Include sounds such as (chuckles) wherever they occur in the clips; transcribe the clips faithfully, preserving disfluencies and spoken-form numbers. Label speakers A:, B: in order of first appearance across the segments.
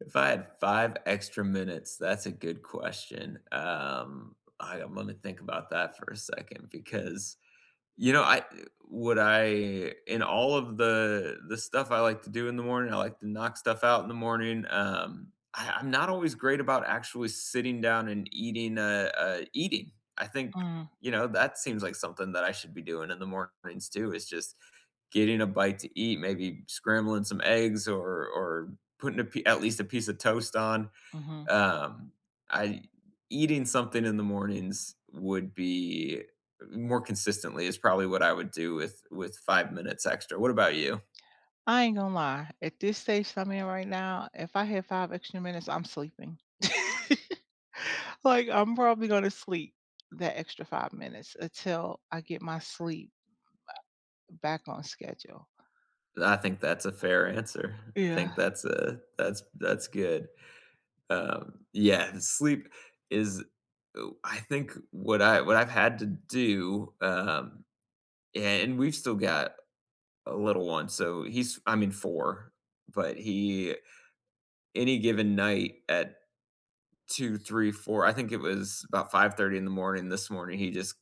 A: If I had five extra minutes? That's a good question, um, aight, I'm gonna think about that for a second, because You know, I, uh would I in all of the the stuff I like to do in the morning, I like to knock stuff out in the morning, um I I'm not always great about actually sitting down and eating, uh uh eating! I think,
B: Mm.
A: you know, that seems like something that I should be doing in the mornings, too, is just getting a bite to eat, maybe scrambling some eggs, or or putting a pie at least a piece of toast on.
B: Mhm.
A: Um, I Eating something in the mornings would be more consistently, is probably what I would do, with with five minutes extra. What about you?
B: I ain't gonna lie, at this stage that I'm in right now, if I have five extra minutes, I'm sleeping. (laughs) Like, I'm probably gonna sleep that five minutes, until I get my sleep back on schedule.
A: I think that's a fair answer. I think
B: Yeah.
A: that's a that's that's good. Um, yes, th sleep is Ooh, I think what I what I've had to do, um a and we've still got a little one, so he's, I mean, four, but he, any given night at two, three, four, I think it was about five thirty in the morning this morning, he just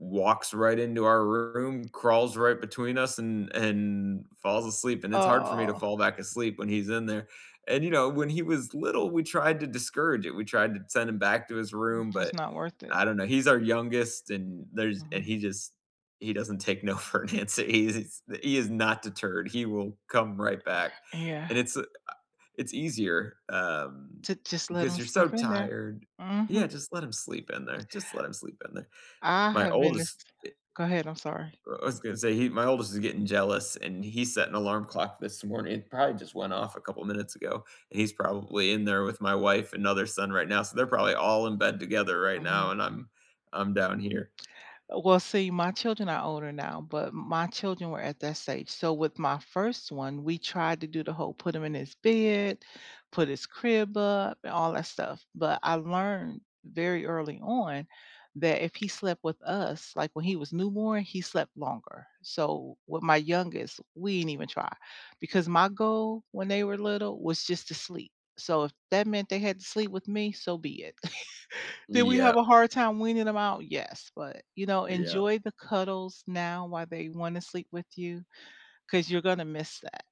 A: walks right into our room, crawls right between us, and and falls asleep, and it's hard for me to
B: Oh.
A: fall back asleep when he's in there. And, you know, when he was little, we tried to discourage it, we tried to send him back to his
B: No,
A: room,
B: it's
A: but
B: not worth it.
A: I don't know, he's our youngest, and there's and
B: Mhm.
A: he just he doesn't take no for an answer, he is he is not deterred, he will come right back,
B: Yeah.
A: and it's uh, it's easier, um,
B: To just let
A: because
B: 'em
A: you're
B: sleep
A: so
B: in there.
A: tired. Yeah,
B: Mhm.
A: just let him sleep in there, just let him sleep in there.
B: I
A: My
B: have been this
A: oldest i
B: go ahead, I'm sorry.
A: I w was gonna say, he my oldest is getting jealous, and he set an alarm clock this morning it probably just went off a couple minutes ago, and he's probably in there with my wife and other son right now, so they're probably all in bed together right now,
B: Mhm.
A: and I'm I'm down here.
B: Uh, well, see, my children are older now, but m my children were at that stage, so with my first one, we tried to do the whole, put him in his bed, put his crib up, and all that stuff, but I learned very early on, that if he slept with us, like, when he was newborn, he slept longer. So, with my youngest, we didn't even try. Because my goal, when they were little, was just to sleep, so if that meant they had to sleep with me, so be it. (chuckles) Did we have
A: Yep.
B: a hard time weaning them off? Yes, but, you know,
A: Yep.
B: enjoy the cuddles now while they wanna sleep with you, 'cause you're gonna miss that.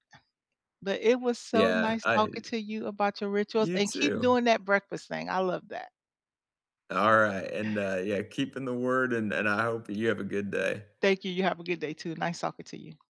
B: But it was so
A: Yeah.
B: nice
A: I hate
B: talking
A: it.
B: to you about your rituals,
A: You,
B: and keep
A: too.
B: doing that breakfast thing, I love that.
A: Alright, and, uh, yeah, keeping the word, and and I hope you have a good day.
B: Thank you, you have a good day too, nice talking to you.